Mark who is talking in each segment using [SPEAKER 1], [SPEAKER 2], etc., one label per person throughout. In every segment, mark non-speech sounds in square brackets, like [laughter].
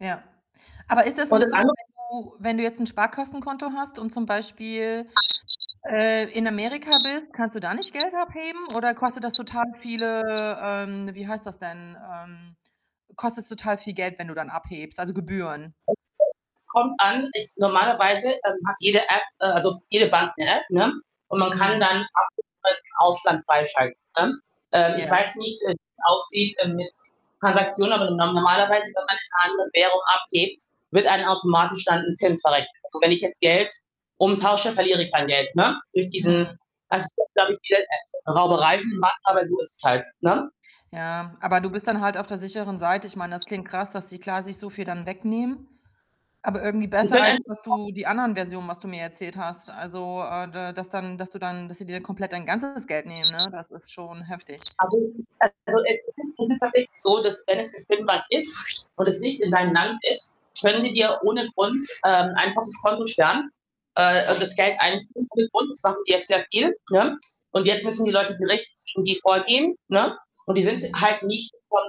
[SPEAKER 1] Ja. Aber ist das nicht so,
[SPEAKER 2] [unintelligible]
[SPEAKER 1] wenn du wenn du jetzt 'n Sparkassenkonto hast und zum Beispiel, äh, in Amerika bist, kannst du da nicht Geld abheben oder kostet das total viele, ähm, wie heißt das denn, ähm kostet's total viel Geld, wenn du dann abhebst, also Gebühren?
[SPEAKER 2] [unintelligible] es kommt an, ich normalerweise, ähm, hat jede App, äh also jede Bank 'ne App, ne, und man kann
[SPEAKER 1] Mhm.
[SPEAKER 2] dann Abhebungen im Ausland freischalten, ne? Ähm, ich
[SPEAKER 1] Ja.
[SPEAKER 2] weiß nicht, äh, wie's aussieht, äh, mit Transaktionen, aber normalerweise, wenn man in 'ner anderen Währung abhebt, wird einem automatisch dann 'n Zins verrechnet. Also, wenn ich jetzt Geld umtausche, verliere ich dann Geld, ne? Durch
[SPEAKER 1] Hm.
[SPEAKER 2] diesen [unintelligible] dadurch wird, äh, Rauberei gemacht, aber so ist es halt, ne?
[SPEAKER 1] Ja, aber du bist dann halt auf der sicheren Seite. Ich meine, das klingt krass, dass die, klar, sich so viel dann wegnehmen, aber irgendwie
[SPEAKER 2] Die
[SPEAKER 1] besser
[SPEAKER 2] können.
[SPEAKER 1] als was
[SPEAKER 2] [unintelligible]
[SPEAKER 1] du die anderen Versionen, was du mir erzählt hast. Also, äh, da dass dann dass du dann dass sie dir komplett dein ganzes Geld nehmen, ne? Das ist schon heftig.
[SPEAKER 2] [unintelligible] so, dass wenn es [unintelligible] ist und es nicht in deinem Land ist, können sie dir ohne Grund, ähm, einfach das Konto sperren, äh,
[SPEAKER 1] Boah.
[SPEAKER 2] das Geld einziehen von [unintelligible] sehr viel, ne, und jetzt müssen die Leute gerichtlich gegen die vorgehen, ne? Und die sind
[SPEAKER 1] Mhm.
[SPEAKER 2] halt nicht von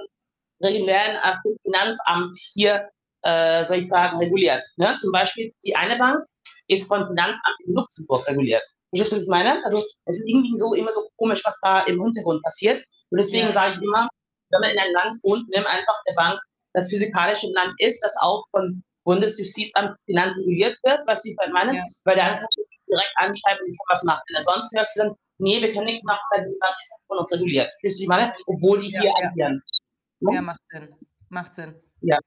[SPEAKER 2] die werden auch vom Finanzamt hier, äh, soll ich sagen, reguliert, ne? Zum Beispiel die eine Bank ist vom Finanzamt in Luxemburg reguliert. Verstehst du, was ich meine? Also, irgendwie so immer so komisch, was da im Hintergrund passiert und
[SPEAKER 1] Ja.
[SPEAKER 2] deswegen sage ich immer, wenn man in einem Land wohnt, nimm einfach 'ne Bank, das physikalisch im Land ist, das auch von Bundesjustizamt Finanzen reguliert wird, was Sie vielleicht meinen,
[SPEAKER 1] Ja.
[SPEAKER 2] weil [unintelligible] direkt anschreiben, wie ich was mache. Ansonsten hörst du dann: „Ne, wir können nichts machen weil die [unintelligible] reguliert.” [unintelligible] meine?
[SPEAKER 1] Richtig.
[SPEAKER 2] Obwohl die
[SPEAKER 1] Ja,
[SPEAKER 2] hier
[SPEAKER 1] ja, ja.
[SPEAKER 2] agieren. Ne?
[SPEAKER 1] Ja, macht Sinn. Macht Sinn.
[SPEAKER 2] Ja.